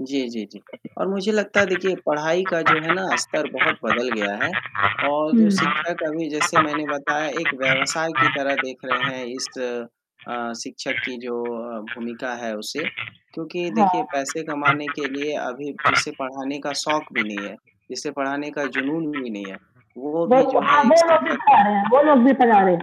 जी, जी, जी, और मुझे लगता है देखिए पढ़ाई का जो है ना स्तर बहुत बदल गया है और जो हुँ। हाँ। शिक्षक अभी जैसे मैंने बताया एक व्यवसाय की तरह देख रहे हैं, इस अ, शिक्षक की जो अ, भूमिका है उसे, क्योंकि देखिए पैसे कमाने के लिए अभी जिसे पढ़ाने का शौक भी नहीं है जिसे पढ़ाने का जुनून भी नहीं है, वो वो भी जो हाँ, है एक वो लोग भी शिक्षक पढ़ा रहे हैं वो लोग भी पढ़ा हाँ, रहे।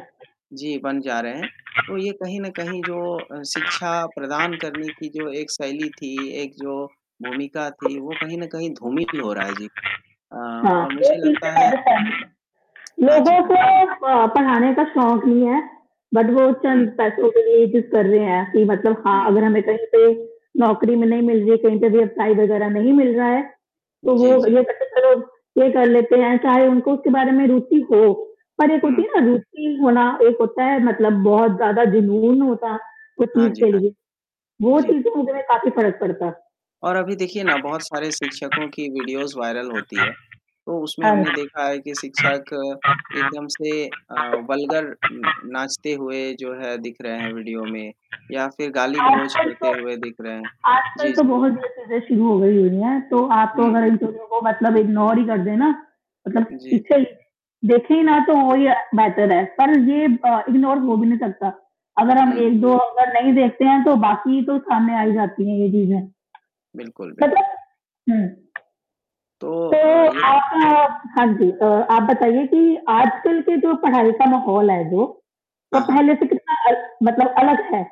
जी बन जा रहे हैं, तो ये कहीं न कहीं जो अ, शिक्षा प्रदान करने की जो एक शैली थी, एक जो भूमिका थी, वो कहीं न कहीं धूमिल हो रहा है जी। अ, हाँ, और वो मुझे चीज़ से लगता है मैं भी सहमत हूँ, हाँ जी, लोगों हाँ। को अ, पढ़ाने का शौक नहीं है, बट वो हुँ। चंद पैसो के लिए ये चीज़ कर रहे है, कि मतलब हाँ, हुँ। अगर हमें कहीं पे नौकरी में नहीं मिल रही है, कही पे व्यवसाय वगैरह नहीं मिल रहा है, तो वो जी, जी। ये कहते चलो, ये कर लेते हैं, चाहे उनको उसके बारे में रुचि हो और एक होती हुँ। है ना रुचि होना एक होता है मतलब बहुत ज़्यादा जुनून होता, उस हाँ चीज़ जी, के हाँ। लिए, वो जी। चीज़ें होने में काफ़ी फ़र्क पड़ता। और अभी देखिए ना, बहुत सारे शिक्षकों की वीडियोज़ वायरल होती है, तो उसमें हाँ। हमने देखा है कि शिक्षक एकदम से अ, वल्गर उम, नाचते हुए जो है दिख रहे हैं वीडियो में, या फिर गाली-गलौज आजकल करते तो हुए दिख रहे हैं। आजकल जी, तो जी। बहुत गलत चीज़ें शुरू हो गई हुई है, तो आप तो हुँ। अगर इंटरव्यू को मतलब इग्नोर ही कर देना मतलब जी, पीछे जी। ही देखे ही ना, तो वही अ, बेटर है। पर ये प इग्नोर हो भी नहीं सकता, अगर हम हुँ, एक हुँ। दो अगर नहीं देखते हैं, तो बाकी तो सामने आ ही जाती है ये चीज़ें। बिल्कुल, बिल्कुल। मतलब हुँ। तो तो, अ, ये आप हाँ, हाँ जी, तो आप बताइए कि आजकल की जो पढ़ाई का माहौल है जो, वो हाँ, हाँ। पहले से कितना अल मतलब अलग है,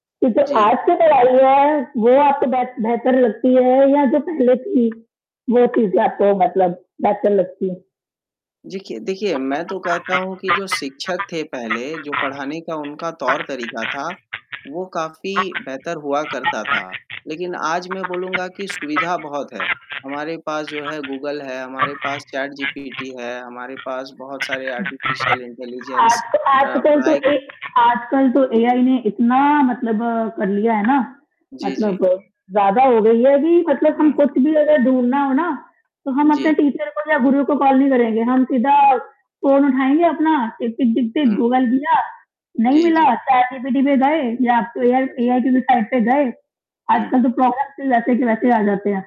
कि जो जी। आज की पढ़ाई है, वो आपको बेह बेहतर लगती है या जो पहले थी, वो चीज़ें आपको मतलब बेहतर लगती हैं? जेखिए देखिए, मैं तो कहता हूँ कि जो शिक्षक थे पहले, जो पढ़ाने का उनका तौर-तरीका था, वो काफ़ी बेहतर हुआ करता था। लेकिन आज मैं बोलूँगा कि सुविधा बहुत है, हमारे पास जो है गूगल है, हमारे पास चैटजीपीटी है, हमारे पास बहुत सारे आर्टिफिशियल आज इंटेलिजेंस तो अ, आजकल तो पढ़ाई ए को आजकल तो एआई ने इतना मतलब कर लिया है ना, जी, जी। मतलब ज़्यादा हो गई है कि मतलब हम हुँ। कुछ भी अगर ढूँढ़ना हो ना, तो हम अपने जी। टीचर को या गुरु को कॉल नहीं करेंगे, हम सीधा फ़ोन उठाएँगे अपना टिक, टिक, टिक, टिक, हुँ। गूगल किया, नहीं जी, मिला जी। चैटजीपीटी पे गए या एआई हाँ, जी। एआई के वेबसाइट पे गए, हुँ। आजकल तो प्रॉब्लम्स भी वैसे के वैसे आ जाते हैं।